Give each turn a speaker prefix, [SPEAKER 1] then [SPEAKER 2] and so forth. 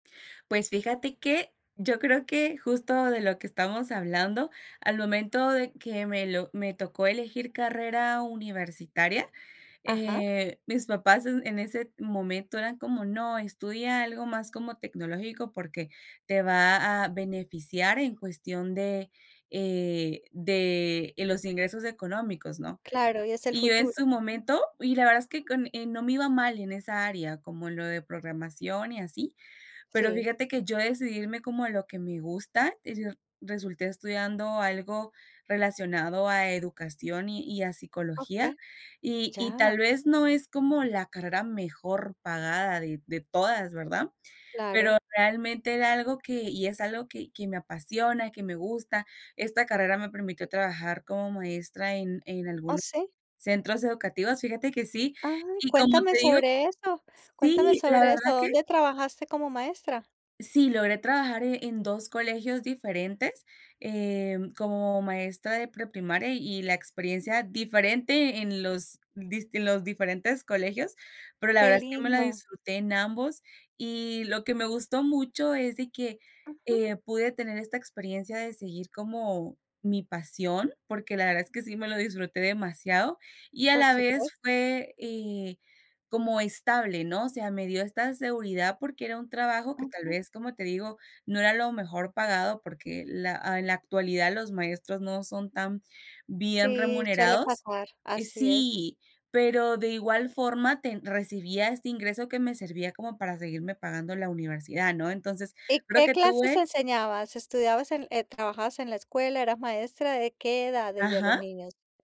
[SPEAKER 1] Pues fíjate que, yo creo que, justo de lo que estamos hablando al momento de que me lo me tocó elegir carrera universitaria,
[SPEAKER 2] Ajá.
[SPEAKER 1] eh, mis papás en ese momento eran como no estudia algo más como tecnológico porque te va a beneficiar en cuestión de, eh, de los ingresos económicos, ¿no?
[SPEAKER 2] Claro, y es el
[SPEAKER 1] Y yo en
[SPEAKER 2] futuro.
[SPEAKER 1] su momento y la verdad es que con no me iba mal en esa área, como lo de programación y así, pero
[SPEAKER 2] Sí.
[SPEAKER 1] fíjate que yo decidí irme como a lo que me gusta, y resul resulté estudiando algo relacionado a educación y y a psicología,
[SPEAKER 2] Okey,
[SPEAKER 1] y y tal
[SPEAKER 2] ya.
[SPEAKER 1] vez no es como la carrera mejor pagada de de todas, ¿verdad? Pero
[SPEAKER 2] Claro.
[SPEAKER 1] realmente era algo que y es algo que que me apasiona, que me gusta. Esta carrera me permitió trabajar como maestra en en
[SPEAKER 2] ¿O
[SPEAKER 1] algunos
[SPEAKER 2] sí?
[SPEAKER 1] centros educativos. Fíjate que sí.
[SPEAKER 2] Ay,
[SPEAKER 1] Y, como
[SPEAKER 2] cuéntame
[SPEAKER 1] te digo
[SPEAKER 2] sobre eso, cuéntame
[SPEAKER 1] sí, la
[SPEAKER 2] sobre eso,
[SPEAKER 1] verdad que.
[SPEAKER 2] ¿dónde trabajaste como maestra?
[SPEAKER 1] Sí logré trabajar e en 2 colegios diferentes, eh, mm, como maestra de preprimaria y y la experiencia, diferente en los dist en los diferentes colegios, pero la
[SPEAKER 2] Que
[SPEAKER 1] verdad es que me la
[SPEAKER 2] lindo.
[SPEAKER 1] disfruté en ambos. Y lo que me gustó mucho es de que,
[SPEAKER 2] Ujú.
[SPEAKER 1] eh, pude tener esta experiencia de seguir como mi pasión, porque la verdad es que sí me lo disfruté demasiado, y a
[SPEAKER 2] Por
[SPEAKER 1] la
[SPEAKER 2] supuesto.
[SPEAKER 1] vez fue, eh, como estable, ¿no? O sea, me dio esta seguridad porque era un trabajo que, tal
[SPEAKER 2] Ujú.
[SPEAKER 1] vez, como te digo, no era lo mejor pagado, porque la en la actualidad los maestros no son tan bien
[SPEAKER 2] Sí, suele
[SPEAKER 1] remunerados,
[SPEAKER 2] pasar,
[SPEAKER 1] eh,
[SPEAKER 2] así es.
[SPEAKER 1] sí, pero, de igual forma, ten recibía este ingreso que me servía como para seguirme pagando la universidad, ¿no? Entonces,
[SPEAKER 2] ¿Y
[SPEAKER 1] creo
[SPEAKER 2] qué
[SPEAKER 1] que
[SPEAKER 2] clases
[SPEAKER 1] tuve
[SPEAKER 2] enseñabas? ¿Estudiabas en trabajabas en la escuela, eras maestra? ¿De qué edades, de los
[SPEAKER 1] Ajá.
[SPEAKER 2] niños?